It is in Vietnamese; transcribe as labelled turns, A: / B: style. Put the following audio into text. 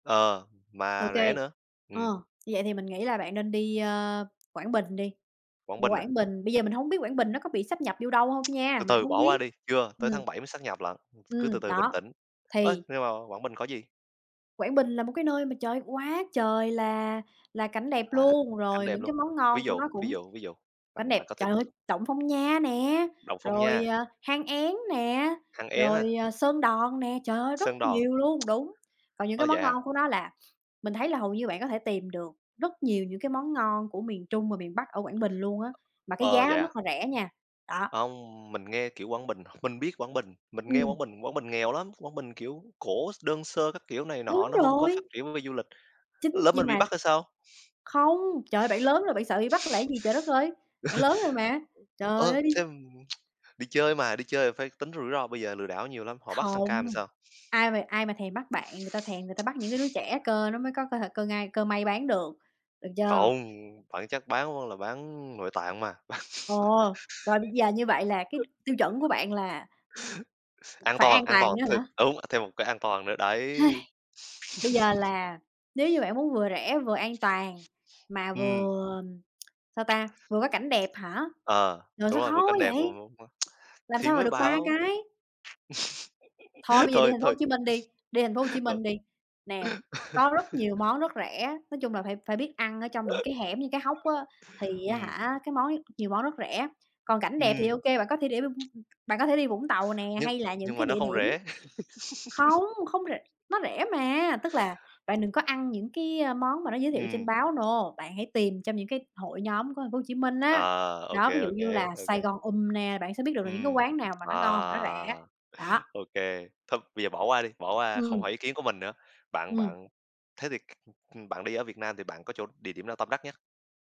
A: Ờ,
B: Ô
A: mà rẻ
B: kê.
A: nữa.
B: Ờ,
A: Ừm.
B: như vậy thì mình nghĩ là bạn nên đi, a, Quảng Bình đi.
A: Quảng Bình à?
B: Quảng Bình, bây giờ mình hông biết Quảng Bình nó có bị sáp nhập vô đâu hông nha,
A: Từ
B: mình
A: từ
B: hông
A: bỏ qua
B: biết.
A: đi. Chưa, tới
B: Ừm.
A: tháng 7 mới sáp nhập lận, cứ từ
B: Ừm,
A: từ, bình
B: đó.
A: tĩnh. Ớ,
B: Thì
A: nhưng mà Quảng Bình có gì?
B: Quảng Bình là một cái nơi mà trời, quá trời là là cảnh đẹp
A: À,
B: luôn.
A: cảnh
B: Rồi
A: đẹp
B: những cái
A: luôn.
B: món ngon
A: Ví
B: của
A: dụ,
B: nó
A: ví
B: cũng
A: dụ, ví dụ.
B: cảnh
A: Bạn,
B: đẹp,
A: bạn có thể
B: trời ơi! Động Phong Nha nè,
A: Động Phong
B: rồi,
A: Nha.
B: à, Hang Én nè,
A: Hang Én à?
B: rồi, ờ, Sơn Đoòng nè. Trời ơi! Rất
A: Sơn Đoòng.
B: nhiều luôn, đúng. Còn những
A: Ơ,
B: cái
A: vậy
B: món
A: à?
B: ngon của nó là mình thấy là hầu như bạn có thể tìm được rất nhiều những cái món ngon của miền Trung và miền Bắc ở Quảng Bình luôn á. Mà cái
A: Ờ,
B: giá nó
A: vậy à?
B: rất là rẻ nha, đó.
A: Hông, mình nghe, kiểu, Quảng Bình, mình biết Quảng Bình, mình nghe Quảng
B: Ừm.
A: Bình, Quảng Bình nghèo lắm. Quảng Bình kiểu cổ x đơn sơ các kiểu này nọ,
B: Đúng
A: nó hông có phát
B: rồi!
A: triển về du lịch.
B: Chính
A: Lỡ
B: nhưng
A: mình bị
B: mà
A: bắt thì sao?
B: không. Trời ơi! Bạn lớn rồi bạn sợ bị bắt, là cái gì? Trời đất ơi!
A: Ờ,
B: Bạn lớn rồi mà. Trời
A: ơ,
B: ơi! Đi
A: thế đi chơi mà, đi chơi là phải tính rủi ro, bây giờ lừa đảo nhiều lắm, họ bắt sang
B: Không.
A: Cam thì sao?
B: Ai mà ai mà thèm bắt bạn, người ta thèm người ta bắt những cái đứa trẻ cơ, nó mới có cơ thể cơ ngai cơ may bán được, được chưa?
A: Không. Phải chắc bán là bán nội tạng mà.
B: Ồ! Rồi bây giờ như vậy là cái tiêu chuẩn của bạn là
A: An
B: phải
A: toàn,
B: an
A: an toàn,
B: toàn nữa
A: thê
B: hả?
A: đúng, à, thêm một cái an toàn nữa, đấy.
B: Bây giờ là nếu như bạn muốn vừa rẻ vừa an toàn, mà
A: Ừm.
B: vừa, sao ta, vừa có cảnh đẹp hả?
A: Ờ,
B: Rồi,
A: đúng
B: sao
A: rồi, vừa
B: khó quá
A: cảnh đẹp
B: vậy?
A: vừa [unintelligible]
B: Làm
A: thì
B: sao mà
A: mới
B: được 3
A: bảo
B: cái. Thôi bây giờ đi
A: thôi,
B: Thành phố Hồ
A: thôi.
B: Chí Minh đi, đi Thành phố Hồ Chí
A: Thôi.
B: Minh đi. Nè, có rất nhiều món rất rẻ, nói chung là phải phải biết ăn ở trong những cái hẻm, những cái hốc á, thì á
A: Ừm.
B: hả, cái món ấy nhiều món rất rẻ. Còn cảnh đẹp thì
A: Ừm.
B: ô kê, bạn có thể đi bạn có thể đi Vũng Tàu nè,
A: Nhưng
B: hay là những
A: nhưng mà
B: cái
A: nó
B: địa
A: không
B: điểm
A: rẻ.
B: không, không rẻ nó rẻ mà, tức là bạn đừng có ăn những cái món mà nó giới thiệu trên
A: Ừm.
B: báo, no, bạn hãy tìm trong những cái hội nhóm của Thành phố Hồ Chí Minh á.
A: Ờ, ô
B: Đó,
A: kê,
B: ví dụ
A: ô
B: như
A: kê,
B: là
A: ô
B: "Sài
A: kê.
B: Gòn Ùm" nè, bạn sẽ biết được là những cái
A: Ừm.
B: quán nào mà
A: À.
B: nó ngon mà nó rẻ, đó.
A: Ô kê. Thôi bây giờ bỏ qua đi, bỏ qua không
B: Ừm.
A: hỏi ý kiến của mình nữa. Bạn
B: Ừm.
A: bạn, thế thì, ừm, bạn đi ở Việt Nam thì bạn có chỗ địa điểm nào tâm đắc nhất?